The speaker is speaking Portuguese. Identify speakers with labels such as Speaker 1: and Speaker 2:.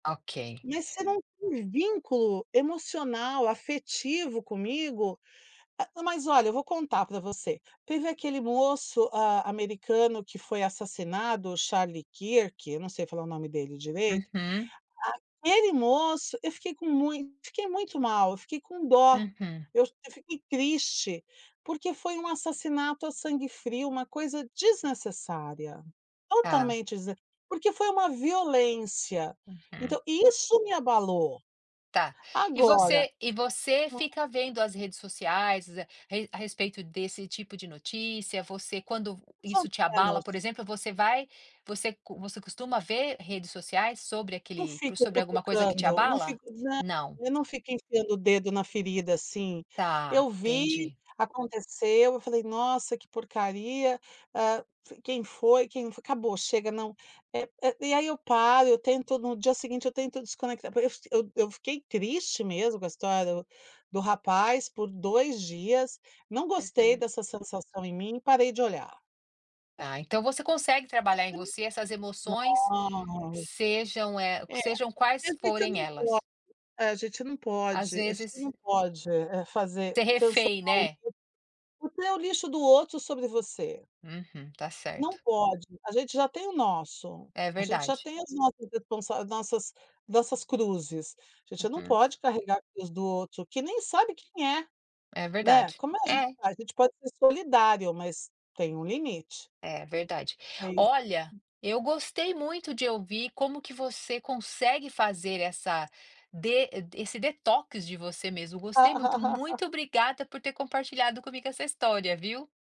Speaker 1: Ok.
Speaker 2: Mas você não tem vínculo emocional, afetivo comigo. Ah, mas olha eu vou contar pra você, teve aquele moço, ah, americano que foi assassinado, o Charlie Kirk, eu não sei falar o nome dele direito.
Speaker 1: Uhum.
Speaker 2: Aquele moço, eu fiquei com mui eu fiquei muito mal, eu fiquei com dó.
Speaker 1: Uhum.
Speaker 2: Eu eu fiquei triste, porque foi um assassinato a sangue frio, uma coisa desnecessária,
Speaker 1: Tá.
Speaker 2: totalmente desn porque foi uma violência,
Speaker 1: Uhum.
Speaker 2: então isso me abalou.
Speaker 1: Tá. E
Speaker 2: Agora
Speaker 1: você e você fica vendo as redes sociais re a respeito desse, tipo, de notícia? Você quando v
Speaker 2: Mais ou
Speaker 1: isso te abala, por
Speaker 2: menos.
Speaker 1: exemplo, você vai você co você costuma ver redes sociais sobre
Speaker 2: Não
Speaker 1: aquele p
Speaker 2: fico
Speaker 1: sobre alguma coisa que te
Speaker 2: cutucando. Não
Speaker 1: abala?
Speaker 2: fico nã
Speaker 1: Não.
Speaker 2: eu não fico enfiando o dedo na ferida, assim. Eu
Speaker 1: Tá,
Speaker 2: vi,
Speaker 1: entendi.
Speaker 2: aconteceu, eu falei: "Nossa, que porcaria, ah, f quem foi, quem fo" acabou, chega, não, eh eh, e aí, eu paro, eu tento no dia seguinte eu tento desconectar porque f eu eu fiquei triste mesmo com a história do do rapaz por 2 dias, não gostei
Speaker 1: Uhum.
Speaker 2: dessa sensação em mim, parei de olhar.
Speaker 1: Ah, então você consegue trabalhar em você essas
Speaker 2: [unintelligible]
Speaker 1: emoções,
Speaker 2: Ai
Speaker 1: sejam, eh,
Speaker 2: Eh,
Speaker 1: sejam
Speaker 2: a
Speaker 1: quais
Speaker 2: gente
Speaker 1: forem
Speaker 2: não pode
Speaker 1: elas.
Speaker 2: eh, a gente não
Speaker 1: Às
Speaker 2: pode a gente
Speaker 1: vezes
Speaker 2: não pode, eh, fazer
Speaker 1: Ser refém,
Speaker 2: transformar o
Speaker 1: né.
Speaker 2: lixo. O teu lixo do outro sobre você.
Speaker 1: Uhum. Está
Speaker 2: Não
Speaker 1: certo.
Speaker 2: pode. A gente já tem o nosso,
Speaker 1: É
Speaker 2: a gente já
Speaker 1: verdade.
Speaker 2: tem as nossas responsa nossas nossas cruzes, a gente não
Speaker 1: Uhum.
Speaker 2: pode carregar a cruz do outro, que nem sabe quem é,
Speaker 1: É
Speaker 2: né,
Speaker 1: verdade.
Speaker 2: como é a gente
Speaker 1: É.
Speaker 2: faz? A gente pode ser solidário, mas tem um limite.
Speaker 1: É, verdade.
Speaker 2: Aí
Speaker 1: Olha, eu gostei muito de ouvir como que você consegue fazer essa de d esse detox de você mesmo, gostei muito. Muito obrigada por ter compartilhado comigo essa história, viu.